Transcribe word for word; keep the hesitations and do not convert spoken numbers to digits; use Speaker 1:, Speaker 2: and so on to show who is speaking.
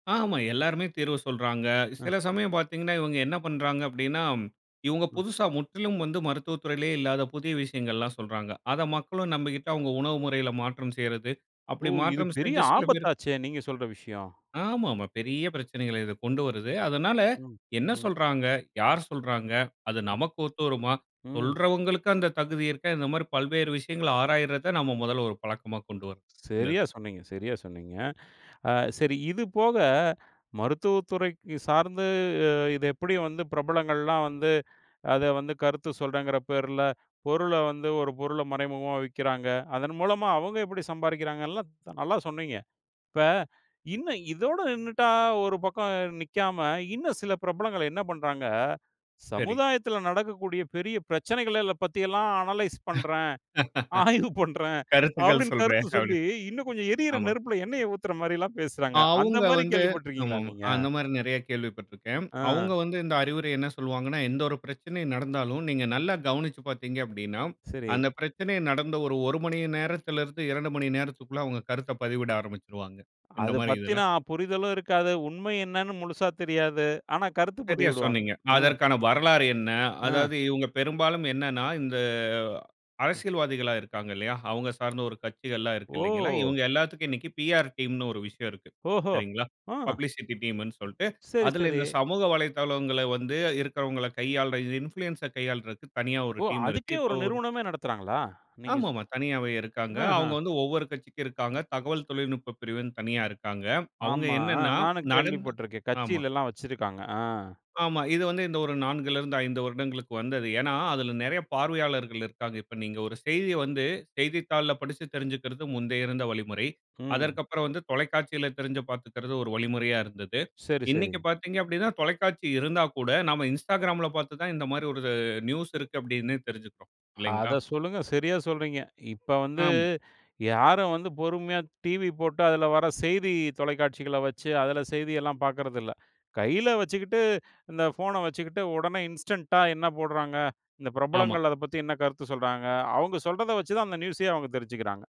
Speaker 1: ஆமா. எல்லாருமே தீர்வு சொல்றாங்க.
Speaker 2: அ.
Speaker 1: சில சமயம் பாத்தீங்கனா இவங்க, என்ன பண்றாங்க, அப்படினா, இவங்க
Speaker 2: ம்.
Speaker 1: புதுச முற்றிலும் வந்து மருத்துவ துறையிலயே இல்லாத புதிய விஷயங்கள எல்லாம் சொல்றாங்க. அத மக்களும் நம்பிகிட்டு, அவங்க உணவு முறையில மாற்றம் செய்யறது.
Speaker 2: ஒ!
Speaker 1: அப்படி
Speaker 2: இது
Speaker 1: மாற்றம்
Speaker 2: பெரிய
Speaker 1: செஞ்ச சில பேர்
Speaker 2: ஆபத்தாச்சே! நீங்க சொல்ற விஷயம்.
Speaker 1: ஆமாமா. பெரிய பிரச்சனைகள, இது கொண்டு வருது. அதனால,
Speaker 2: ம்,
Speaker 1: என்ன
Speaker 2: ம்.
Speaker 1: சொல்றாங்க? யார் சொல்றாங்க? அது,
Speaker 2: ம்.
Speaker 1: நமக்கு ஒத்து வருமா?
Speaker 2: ம்.
Speaker 1: சொல்றவங்களுக்கு அந்த தகுதி இருக்கா? இந்த மாரி, பல்வேறு விஷயங்கள, ஆராய்றத நாம மொதல்ல, ஒரு பழக்கமா கொண்டு வரணும். இந்த
Speaker 2: சரியா
Speaker 1: இதுல.
Speaker 2: சொன்னீங்க சரியா சொன்னீங்க. ஆ சரி. இது போக, மருத்துவ துறை சார்ந்து, அ, இது எப்படி வந்து பிரபலங்கள் எல்லாம் வந்து, அத வந்து கருத்து சொல்றகற பேர்ல, பொருள வந்து ஒரு பொருள மறைமுகமா விக்கறாங்க. அதன் மூலமா, அவங்க எப்படி சம்பாரிக்கிறாங்க, எல்லா, நல்லா சொன்னீங்க. இப்ப, இன்னும் இதோட நின்னுட்டா, ஒரு பக்கம் நிக்காம, இன்னும் சில பிரபலங்கள் என்ன பண்றாங்க,
Speaker 1: சரி.
Speaker 2: சமுதாயத்துல நடக்கக்கூடிய பெரிய பிரச்சனைகளைல பத்தி எல்லாம் அனலைஸ் பண்ற, ஆய்வு பண்ற,
Speaker 1: கருத்துக்கள்
Speaker 2: அப்படினு
Speaker 1: சொல்றே
Speaker 2: கருத்து
Speaker 1: அப்டி.
Speaker 2: சொல்லி, இன்னும் கொஞ்சம் எரியிற
Speaker 1: ஆமா.
Speaker 2: நெருப்புல எண்ணெய ஊத்தற மாரில்லாம் பேசுறாங்க. அந்த
Speaker 1: அவங்க
Speaker 2: மாரி
Speaker 1: வந்து,
Speaker 2: கேள்விப்பட்டு
Speaker 1: ஆமா.
Speaker 2: இருக்கிங்களா
Speaker 1: ஆமா.
Speaker 2: நீங்க?
Speaker 1: அந்த மாரி நெறைய கேள்விப்பட்டுருக்கேன்.
Speaker 2: ஆ.
Speaker 1: அவங்க வந்து இந்த அறிவுரைய என்ன சொல்வாங்கனா? எந்த ஒரு பிரச்சனை நடந்தாலும், நீங்க நல்லா கவனிச்சு பார்த்தீங்க அப்படினா,
Speaker 2: சரி.
Speaker 1: அந்த பிரச்சனை நடந்த ஒரு மணி நேரத்துல இருந்து இரண்டு மணி நேரத்துக்குள்ள அவங்க கருத்து பதிவிட ஆரம்பிச்சுருவாங்க. இந்த
Speaker 2: அத
Speaker 1: மாரி இதுல.
Speaker 2: பத்தின, புரிதலும் இருக்காது. உண்மை என்னன்னு முழுசா தெரியாது. ஆனா, கருத்து
Speaker 1: சரியா
Speaker 2: பதிவிடுவாங்க.
Speaker 1: சொன்னீங்க.
Speaker 2: ம்.
Speaker 1: அதற்கான வரலாறு என்ன?
Speaker 2: ஆ.
Speaker 1: அதாவது, இவங்க பெரும்பாலும் என்னன்னா, இந்த
Speaker 2: ம்.
Speaker 1: அரசியல்வாதிகளா இருக்காங்கல்லையா, அவங்க சார்ந்த ஒரு கட்சிகள் எல்லாம் இருக்கு
Speaker 2: ஓ!
Speaker 1: இல்லைங்களா, இவங்க, எல்லாத்துக்கும் இன்னிக்கு பிஆர் டீம் னு ஒரு விஷயம் இருக்கு.
Speaker 2: ஓஹோ!
Speaker 1: சரிங்களா,
Speaker 2: அம்.
Speaker 1: பப்ளிசிட்டி டீம் னு சொல்ட்டு,
Speaker 2: சரி,
Speaker 1: அதுல
Speaker 2: சரி.
Speaker 1: இந்த சமூக வலைத்தளங்கள வந்து இருக்கிறவங்கள கையாள, இன்ஃப்ளூயன்ஸ் ஐ கையாளுறதுக்கு தனியா ஒரு
Speaker 2: ஒ!
Speaker 1: டீம் இருக்கு.
Speaker 2: அதுக்கே,
Speaker 1: இப்ப
Speaker 2: ஒரு
Speaker 1: ஒரு,
Speaker 2: நிறுவனமே நடத்துறாங்களா? நீங்க சொ
Speaker 1: ஆமாமா. தனியாவே இருக்காங்க.
Speaker 2: அ
Speaker 1: அவங்க,
Speaker 2: அம்
Speaker 1: வந்து ஒவ்வொரு கட்சிக்கும் இருக்காங்க. தகவல் தொழில்நுட்ப பிரிவு தனியா இருக்காங்க. அவங்க
Speaker 2: ஆமா
Speaker 1: என்னன்னா,
Speaker 2: நானும் கேள்வி
Speaker 1: நடந்
Speaker 2: பட்டுருக்கேன்.
Speaker 1: ஆமா,
Speaker 2: கட்சில எல்லாம் வச்சிருக்காங்க. ஆ.
Speaker 1: ஆமா. இது வந்து, இந்த ஒரு நான்குல இருந்து ஐந்து வருடங்களுக்கு வந்தது. ஏன்னா? அதுல நெறைய பார்வையாளர்கள் இருப்பாங்க. இப்போ நீங்க, ஒரு செய்திய வந்து, செய்தித்தாள்ல படிச்சு தெரிஞ்சுகறது, முந்தைய இருந்த வழிமுறை.
Speaker 2: ம்.
Speaker 1: அதற்கு அப்புறம் வந்து, தொலைக்காட்சியில தெரிஞ்சு பார்த்துக்கறது, ஒரு வழிமுறையா இருந்தது.
Speaker 2: சரி, சரி.
Speaker 1: இன்னிக்கு பார்த்தீங்கப்படினா, தொலைக்காட்சி இருந்தா கூட, நாம இன்ஸ்டாகிராம்ல பார்த்து தான் இந்த மாரி ஒரு நியூஸ் இருக்கு அப்படினு தெரிஞ்சுக்கறோம். இல்லைங்களா?
Speaker 2: அத சொல்லுங்க. சரியா, சொல்றீங்க! இப்ப வந்து,
Speaker 1: ஆம்.
Speaker 2: யாரும் வந்து பொறுமையா, டிவி போட்டு, அதுல வர செய்தி தொலைக்காட்சிகள வச்சு, அதுல செய்தி எல்லாம் பாக்கறது இல்ல. கையில வச்சுக்கிட்டு இந்த ஃபோன வச்சுக்கிட்டு உடனே இன்ஸ்டன்ட்டா, என்ன போடுறாங்க, இந்த
Speaker 1: ஆமா.
Speaker 2: பிரபலங்கள் அத பத்தி, என்ன கருத்து சொல்றாங்க. அவங்க சொல்றத வச்சு தான், அந்த நியூஸ் அயே அவங்க தெரிஞ்சுக்கறாங்க.